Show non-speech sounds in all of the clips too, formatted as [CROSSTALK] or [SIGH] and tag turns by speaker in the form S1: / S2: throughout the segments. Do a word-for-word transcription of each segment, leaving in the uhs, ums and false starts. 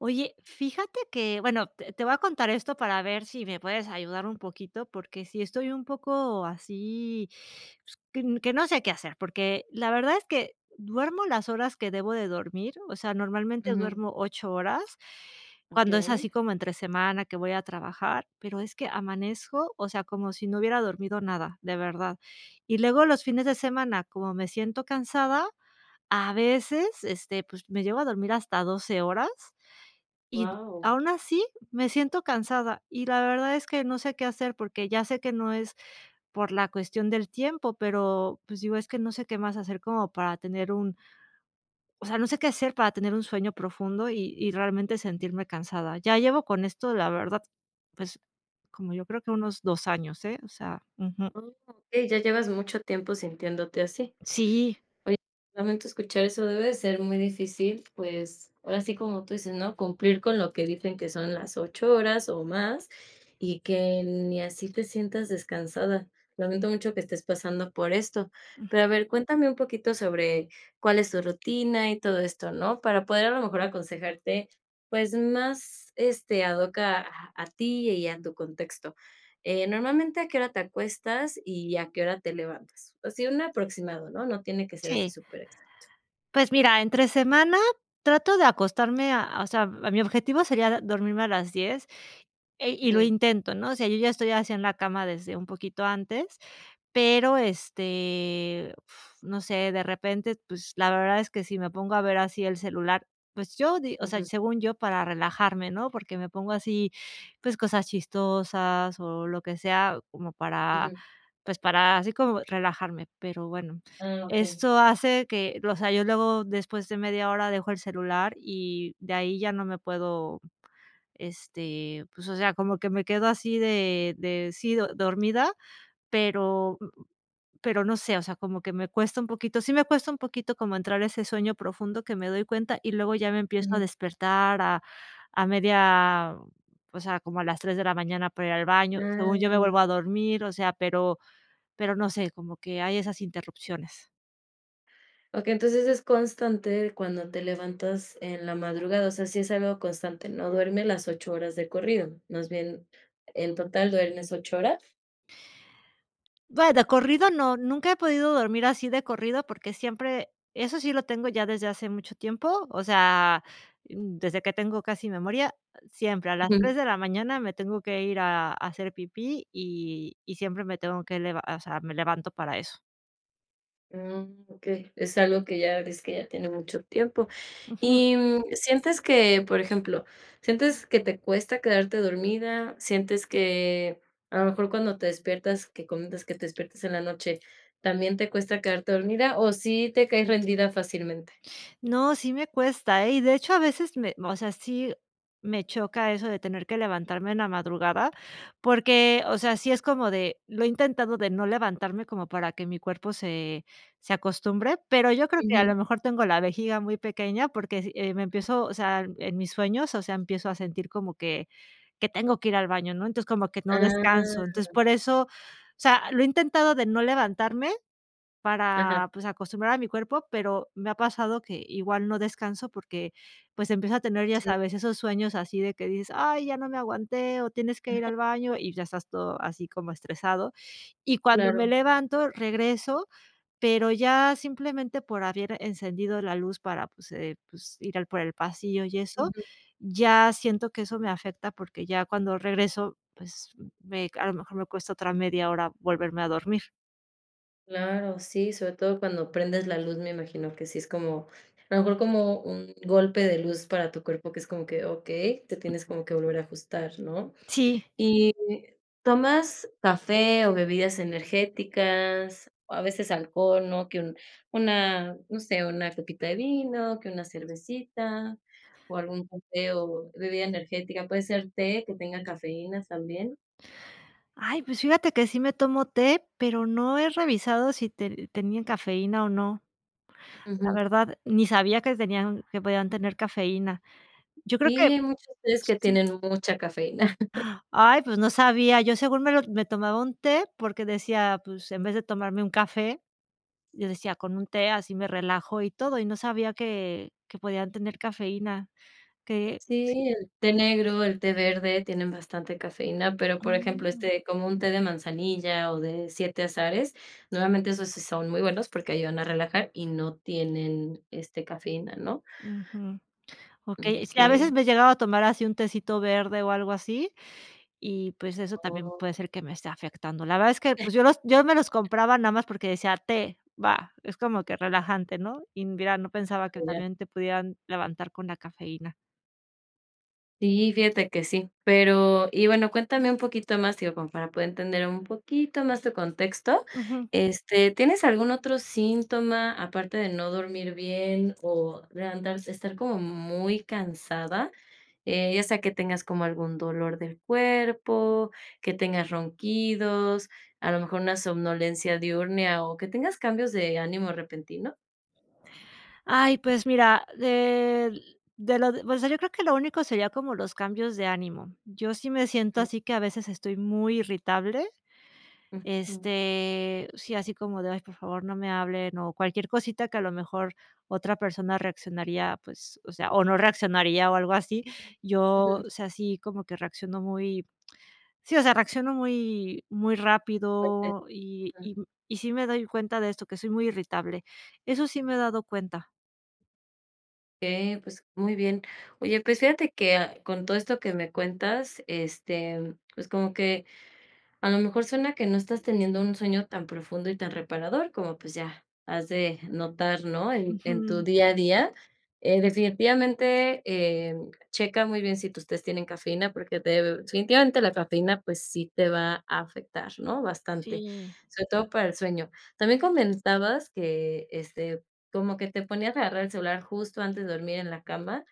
S1: Oye, fíjate que bueno, t te voy a contar esto para ver sí me puedes ayudar un poquito, porque si estoy un poco así, pues, qu que no sé qué hacer porque la verdad es que duermo las horas que debo de dormir, o sea, normalmente
S2: Ujú.
S1: duermo ocho horas cuando es
S2: Okey.
S1: así como entre semana que voy a trabajar, pero es que amanezco, o sea, como si no hubiera dormido nada de verdad. Y luego los fines de semana, como me siento cansada, a veces, este, pues, me llego a dormir hasta horas y
S2: Guau.
S1: aún así me siento cansada y la verdad es que no sé qué hacer, porque ya sé que no es por la cuestión del tiempo, pero, pues, digo, es que no sé qué más hacer como para tener un o sea, no sé qué hacer para tener un sueño profundo y y realmente sentirme cansada. Ya llevo con esto, la verdad, pues, como yo creo que unos dos años, ¿eh?, o sea, ujú.
S2: Oh, okey, ya llevas mucho tiempo sintiéndote así.
S1: Sí.
S2: Oye, lamento escuchar eso, debe de ser muy difícil, pues, ahora sí, como tú dices, ¿no?, cumplir con lo que dicen que son las ocho horas o más y que ni así te sientas descansada. Lamento mucho que estés pasando por esto,
S1: Mm.
S2: pero a ver, cuéntame un poquito sobre cuál es tu rutina y todo esto, ¿no?, para poder a lo mejor aconsejarte, pues, más, este, ad hoc a a ti y a tu contexto. Eh, normalmente, ¿a qué hora te acuestas y a qué hora te levantas? Así, un aproximado, ¿no?, no tiene que ser así
S1: Sí.
S2: súper exacto.
S1: Pues, mira, entre semana trato de acostarme a o sea, mi objetivo sería d dormirme a las diez, eh, y lo
S2: Ujú.
S1: intento, ¿no?, o sea, yo ya estoy así en la cama desde un poquito antes, pero, este no sé de repente, pues, la verdad es que si me pongo a ver así el celular, pues, yo di o sea,
S2: Ujú.
S1: según yo para relajarme, ¿no?, porque me pongo así, pues, cosas chistosas o lo que sea como para,
S2: Ujú.
S1: pues, para así como relajarme, pero bueno,
S2: Ah, okey.
S1: esto hace que o sea, yo luego, después de media hora dejo el celular y de ahí ya no me puedo, este pues, o sea, como que me quedo así de de, sí do dormida, pero pero no sé, o sea, como que me cuesta un poquito, sí, me cuesta un poquito como entrar a ese sueño profundo que me doy cuenta y luego ya me empiezo a
S2: Ujú.
S1: despertar a a media o sea, como a las tres de la mañana para ir al baño, según yo me vuelvo a
S2: Ah.
S1: dormir, o sea, pero pero no sé como que hay esas interrupciones.
S2: Okey, entonces es constante cuando te levantas en la madrugada. O sea, si es algo constante. No duerme las ocho horas de corrido. Más bien en total duermes ocho horas.
S1: Vaya, corrido no, nunca he podido dormir así de corrido porque, siempre eso sí lo tengo ya desde hace mucho tiempo. O sea, desde que tengo casi memoria, ah, siempre a las
S2: Ujú.
S1: tres de la mañana me tengo que ir a a hacer pipí, y y siempre me tengo que lev o sea, me levanto para eso.
S2: Mm, okey. Es algo que ya dices que ya tiene mucho tiempo.
S1: Ujú.
S2: Y, mm, ¿sientes que?, por ejemplo, ¿sientes que te cuesta quedarte dormida? ¿Sientes que a lo mejor cuando te despiertas que comentas que te despiertas en la noche también te cuesta quedarte dormida o sí te caes rendida fácilmente?
S1: No, sí, me cuesta, ¿eh?, y de hecho, a veces me o sea, sí me choca eso de tener que levantarme en la madrugada porque, o sea, sí, es como de, lo he intentado de no levantarme como para que mi cuerpo se se acostumbre. Pero yo creo que a
S2: Ujú.
S1: lo mejor tengo la vejiga muy pequeña porque s eh, me empiezo, o sea, en mis sueños. O sea, empiezo a sentir como que que tengo que ir al baño, ¿no?, entonces, como que no descanso. Entonces,
S2: ¡Ah!
S1: por eso, o sea, lo he intentado de no levantarme,
S2: Ajá.
S1: para, pues, acostumbrar a mi cuerpo. Pero, me ha pasado que igual no descanso porque, pues, empieza a tener, ya
S2: Sí.
S1: sabes, esos sueños así de que dices: "¡Ay!, ya no me aguanté o tienes que ir
S2: Ájá.
S1: al baño", y ya estás todo así como estresado. Y cuando me
S2: Claro.
S1: levanto, regreso, pero, ya simplemente por haber encendido la luz para pues, eh, pues, ir al por el pasillo y eso
S2: Ujú.
S1: ya siento que eso me afecta porque ya cuando regreso, pues, mm, me a lo mejor me cuesta otra media hora volverme a dormir.
S2: Claro, sí, sobre todo cuando prendes la luz, me imagino que sí es como, a lo mejor como un golpe de luz para tu cuerpo que es como que: "Okey, te tienes como que volver a ajustar", ¿no?,
S1: Sí.
S2: ¿y tomas café o bebidas energéticas o a veces alcohol?, ¿no?, que un una, no sé, una copita de vino, que una cervecita o algún café o bebida energética, puede ser té que tenga cafeína también.
S1: Ay, pues fíjate que sí me tomo té, pero no he revisado si te tenían cafeína o no, la
S2: Ujú.
S1: verdad, ni sabía que tenían que podían tener cafeína, yo creo
S2: Sí,
S1: que
S2: hay muchos tés que
S1: sí.
S2: tienen mucha cafeína. [CHUCKLES]
S1: Ay, pues no sabía, yo, según me lo me tomaba un té porque decía: "Pues en vez de tomarme un café", yo decía: "Con un té así me relajo y todo", y no sabía que que podían tener cafeína, que, sí.
S2: Sí, el té negro, el té verde tienen bastante cafeína, pero, por ejemplo,
S1: Mm.
S2: este, como un té de manzanilla o de siete azares, normalmente esos sí son muy buenos porque ayudan a relajar y no tienen, este, cafeína, ¿no?
S1: Ujú, okey, sí, a
S2: Okey.
S1: veces me he llegado a tomar así un tecito verde o algo así y pues eso también
S2: Oh.
S1: puede ser que me esté afectando, la verdad es que
S2: Eh.
S1: pues yo los yo me los compraba nada más porque decía: "Té, va, es como que relajante, ¿no?", y mira, no
S2: Ah,
S1: pensaba que
S2: ya.
S1: también te pudieran levantar con la cafeína.
S2: Sí, fíjate que sí, pero y bueno, cuéntame un poquito más, digo, para poder entender un poquito más tu contexto,
S1: Ujú.
S2: este, ¿tienes algún otro síntoma?, aparte de no dormir bien o levantar estar como muy cansada, eh, ya sea que tengas como algún dolor del cuerpo, que tengas ronquidos, a lo mejor una somnolencia diurnia o que tengas cambios de ánimo repentino.
S1: Ay, pues mira, de de lo de, o sea, yo creo que lo único sería como los cambios de ánimo, yo sí me siento
S2: Ujú.
S1: así que a veces estoy muy irritable,
S2: Ujú.
S1: este, sí, así como de: "Ay por favor, no me hablen", o cualquier cosita que a lo mejor otra persona reaccionaría, pues, o sea, o no reaccionaría o algo así, yo,
S2: Ujú.
S1: o sea, sí, como que reacciono muy sí, o sea, reacciono muy muy
S2: Fuerte,
S1: rápido y
S2: ah.
S1: y y sí, me doy cuenta de esto, que soy muy irritable, eso sí me he dado cuenta.
S2: Okey, pues, muy bien, oye, pues fíjate que, con todo esto que me cuentas, este, pues como que a lo mejor suena que no estás teniendo un sueño tan profundo y tan reparador como, pues ya, has de notar, ¿no?, en en tu
S1: Ujú.
S2: día a día, eh, definitivamente, eh, checa muy bien si tus tés tienen cafeína porque de definitivamente la cafeína, pues, sí te va a afectar, ¿no?, bastante,
S1: Sí.
S2: sobre todo para el sueño, también comentabas que, este, como que te ponías a agarrar el celular justo antes de dormir en la cama,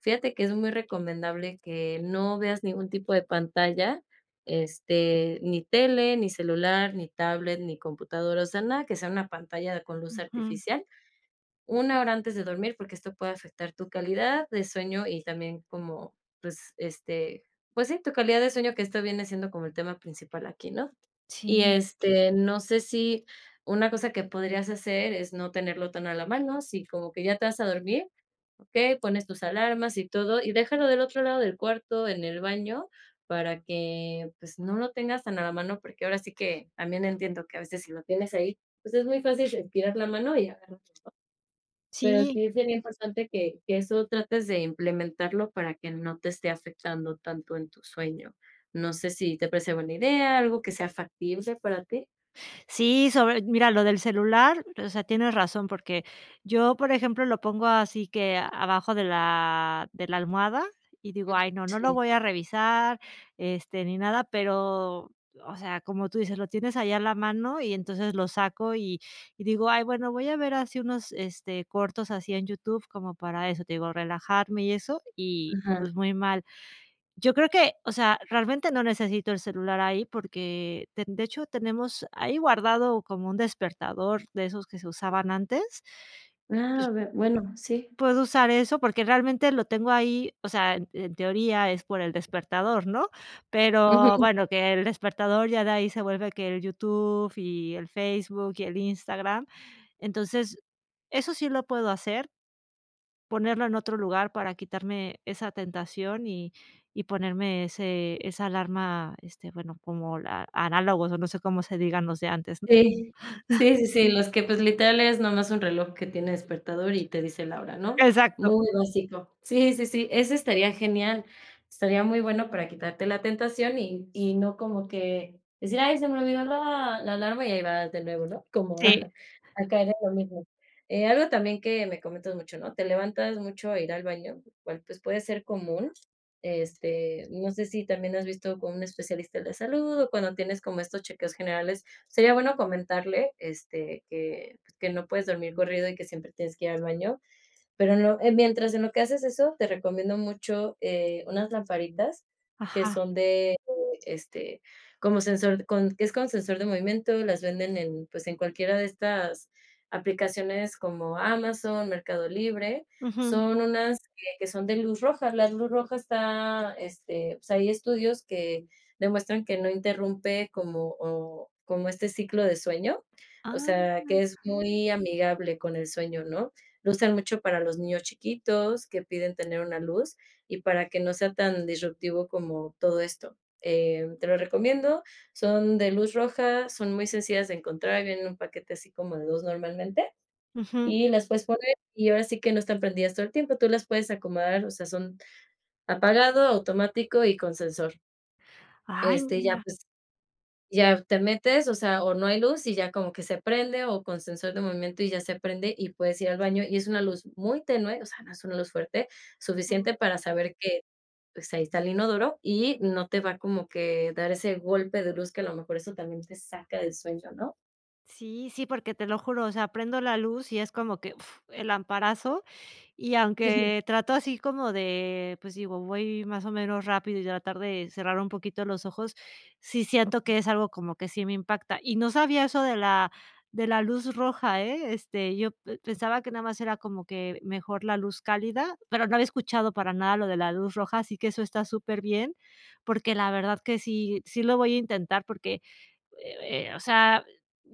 S2: fíjate que es muy recomendable que no veas ningún tipo de pantalla, este, ni tele, ni celular, ni tablet, ni computadora, o sea, nada que sea una pantalla con luz
S1: Ujú.
S2: artificial, una, hora antes de dormir porque esto puede afectar tu calidad de sueño y también como pues, este, pues sí, tu calidad de sueño que esto viene siendo como el tema principal aquí, ¿no?, y,
S1: Sí.
S2: este, no sé, si una cosa que podrías hacer es no tenerlo tan a la mano, si como que ya te vas a dormir, okey, pones tus alarmas y todo y déjalo del otro lado del cuarto, en el baño, para que pues, no lo tengas tan a la mano, porque ahora sí que, también entiendo que a veces si lo tienes ahí, pues, es muy fácil estirar la mano y agarrarlo, ¿no?, pero
S1: Sí.
S2: sí sería importante que que eso trates de implementarlo para que no te esté afectando tanto en tu sueño, no sé, ¿si te parece buena idea? Algo que sea factible para ti.
S1: Sí, sobre mira lo del celular, o sea, tienes razón, porque yo por ejemplo, lo pongo así que abajo de la de la almohada y digo: "Ay, no, no lo
S2: Sí.
S1: voy a revisar, este, ni nada", pero, o sea, como tú dices, lo tienes ahí a la mano y entonces, lo saco y y digo: "Ay, bueno voy a ver así unos, este, cortos así en YouTube", como para eso te digo relajarme y eso y,
S2: Ajá.
S1: pues, muy mal. Yo creo que, o sea, realmente no necesito el celular ahí, porque ten de hecho, tenemos ahí guardado como un despertador de esos que se usaban
S2: Ajá.
S1: antes,
S2: ¡Ah!, a
S1: pues
S2: ver, bueno, sí.
S1: puedo usar eso, porque realmente lo tengo ahí, o sea, en en teoría es por el despertador, ¿no?,
S2: Ujú.
S1: pero
S2: [CHUCKLES]
S1: bueno, que el despertador ya de ahí se vuelve que el YouTube, y el Facebook, y el Instagram, entonces, eso sí lo puedo hacer ponerlo en otro lugar para quitarme esa tentación, y y ponerme ese esa alarma, este, bueno, como la análogos o no sé, cómo se digan los de antes, ¿no?
S2: Sí,
S1: [CHUCKLES]
S2: sí, sí, sí, los que, pues, literales no más es un reloj que tiene despertador y te dice la hora, ¿no?,
S1: Exacto.
S2: muy básico. Sí, sí, sí, ese estaría genial, estaría muy bueno para quitarte la tentación y y no como que decir: "Ay, se me olvidó la la alarma y ahí va de nuevo", ¿no?, como,
S1: Sí.
S2: [CHUCKLES] ah, a caer en lo mismo, eh, algo también que me comentas mucho, ¿no?, te levantas mucho a ir al baño, lo cual pues, puede ser común, este, no sé si, también has visto con un especialista de la salud o cuando tienes como estos chequeos generales, sería bueno comentarle, este, que pues, que no puedes dormir corrido y que siempre tienes que ir al baño, pero no, eh, mientras en lo que haces eso te recomiendo mucho, eh, unas lamparitas que
S1: Ajá.
S2: son de, eh, este, como sensor con que es con sensor de movimiento. Las venden en, pues, en cualquiera de estas aplicaciones como Amazon, Mercado Libre,
S1: Ujú.
S2: son unas, que son de luz roja. La luz roja está este, o sea, hay estudios que demuestran que no interrumpe como, o como este ciclo de sueño, o sea,
S1: ¡Ah!
S2: que es muy amigable con el sueño, ¿no?, lo usan mucho para los niños chiquitos que piden tener una luz y para que no sea tan disruptivo como todo esto, eh, te lo recomiendo, son de luz roja, son muy sencillas de encontrar en un paquete así como de dos normalmente,
S1: Ujú.
S2: y las puedes poner y ahora sí que no están prendidas todo el tiempo. Tú las puedes acomodar, o sea, son apagado, automático y con sensor.
S1: ¡Ay,
S2: Este, y ya,
S1: mira!
S2: pues, ya te metes, o sea, o no hay luz y ya como que se prende o con sensor de movimiento y ya se prende y puedes ir al baño y es una luz muy tenue, o sea, no es una luz fuerte,
S1: Ujú.
S2: suficiente, para saber que, pues, ahí está el inodoro y no te va como que dar ese golpe de luz que a lo mejor eso también te saca del sueño, ¿no?
S1: Sí, sí, porque te lo juro, o sea, prendo la luz y es como que, fff, el lamparazo y
S2: Sí.
S1: aunque trato así como de, pues, digo voy más o menos rápido y tratar de cerrar un poquito los ojos, sí, siento
S2: Mm.
S1: que es algo como que sí me impacta y no sabía eso de la de la luz roja, eh, este, yo p pensaba que nada más era como que mejor la luz cálida, pero no había escuchado para nada lo de la luz roja, así que eso está súper bien, porque la verdad que sí sí, lo voy a intentar porque, eh eh, o sea,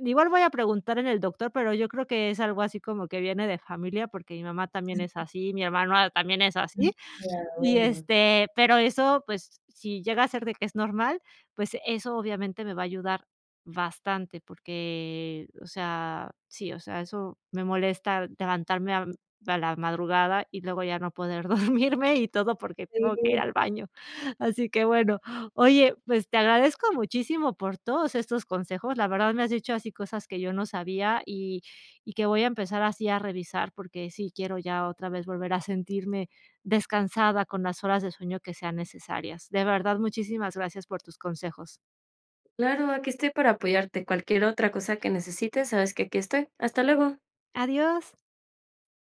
S1: igual voy a preguntar en el doctor, pero yo creo que es algo así como que viene de familia, porque mi mamá también es
S2: Sí.
S1: así, mi hermano también es así
S2: Mm, claro,
S1: y,
S2: bueno.
S1: este, pero eso, pues, si llega a ser de que es normal, pues, eso obviamente me va a ayudar bastante, porque, o sea, sí, o sea, eso me molesta levantarme a a la madrugada y luego ya no poder dormirme y todo porque tengo que ir
S2: Sí.
S1: al baño, así que bueno, oye, pues, te agradezco muchísimo por todos estos consejos, la verdad, me has dicho así cosas que yo no sabía y y que voy a empezar así a revisar porque, sí quiero ya otra vez volver a sentirme descansada con las horas de sueño que sean necesarias, de verdad, muchísimas gracias por tus consejos.
S2: Claro, aquí estoy para apoyarte, cualquier otra cosa que necesites, sabes que aquí estoy, hasta luego.
S1: Adiós.